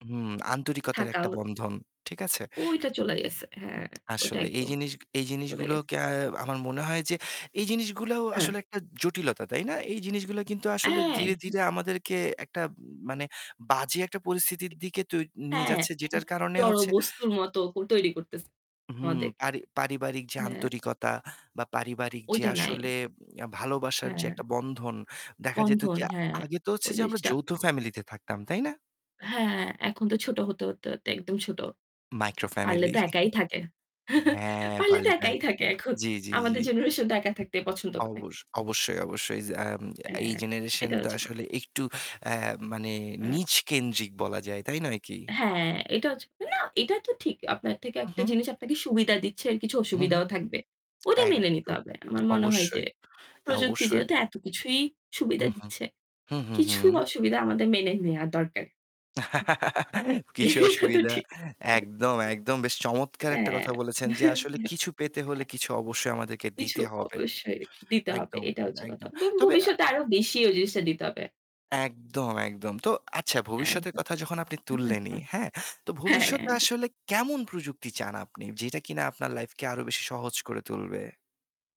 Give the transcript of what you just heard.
হুম আন্তরিকতার থাকা একটা হত। বন্ধন। ঠিক আছে? ঐটা চলে গেছে হ্যাঁ ঐটা আসলেই। এই একদম, জিনিস এই চলে গেছে। জিনিসগুলোকে আ আমার মনে হয় যে এই জিনিসগুলাও হ্যাঁ। আসলে একটা জটিলতা, তাই না? এই জিনিসগুলা কিন্তু আসলে ধীরে, অ্যা ধীরে আমাদেরকে একটা মানে বাজে একটা পরিস্থিতির দিকে তৈ নিয়ে হ্যাঁ যাচ্ছে একদম যেটার [unintelligible] কারণে জড় হচ্ছে বস্তুর মতো হু তৈরি করতেছে হুম আমাদের পারি পারিবারিক যে হ্যাঁ। আন্তরিকতা বা পারিবারিক যে ওইটা নাই। আসলে অ্যা ভালোবাসার যে হ্যাঁ। একটা বন্ধন। দেখা যেত বন্ধন কি আ হ্যাঁ, আগে তো হচ্ছে ওই যে আমরা জিনিসটা যৌথ ফ্যামিলিতে থাকতাম, তাই না? হ্যাঁ এখন তো ছোট হতে, হতে, হতে একদম ছোট। মাইক্রো পারলে ফ্যামিলি। তো একাই থাকে। হ্যাঁ, পারলে তো পারলে একাই দেখ থাকে এখন। জ্বি, জ্বি, জ্বি। আমাদের জেনারেশন তো একা থাকতে পছন্দ করে। অবশ অবশ্যই, অবশ্যই। জ্যাম এই হ্যাঁ, জেনারেশন এটা তো হচ্ছে ক আসলে একটু অ্যা মানে হুম। নীজ কেন্দ্রিক বলা যায়, তাই নয় কি? হ্যাঁ এটা হচ্ছে না এটা তো ঠিক, আপনার থেকে হু, একটা হুম। জিনিস আপনাকে সুবিধা দিচ্ছে কিছু হুঁ, হুঁম। অসুবিধাও থাকবে। ওইটা মেনে নিতে একদম। হবে। আমার মনে হয় যে, অবশ্যই, অ্যা প্রযুক্তি অবশ্যই। যেহেতু এত কিছুই সুবিধা উ-হুম। দিচ্ছে। হু, হু, কিছু হুম। অসুবিধা আমাদের মেনে নেওয়া দরকার। কিছু এটা তো অসুবিধা ঠিক। একদম, একদম বেশ চমৎকার একটা হ্যাঁ। কথা বলেছেন যে, আসলে কিছু পেতে হলে [unintelligible] কিছু অবশ্যই আমাদেরকে কিছু দিতে হবে। অবশ্যই দিতে হবে। একদম, এটা হচ্ছে কথা। একদম। দোন তবে আ ভবিষ্যতে আরো বেশি ঐ জিনিসটা দিতে হবে। একদম, একদম। তো আচ্ছা ভবিষ্যতের একদম। কথা যখন আপনি তুললেনই, [unintelligible] হ্যাঁ? তো ভবিষ্যতে হ্যাঁ। আসলে কেমন প্রযুক্তি চান আপনি? যেটা কিনা আপনার লাইফকে আরো বেশি সহজ করে তুলবে।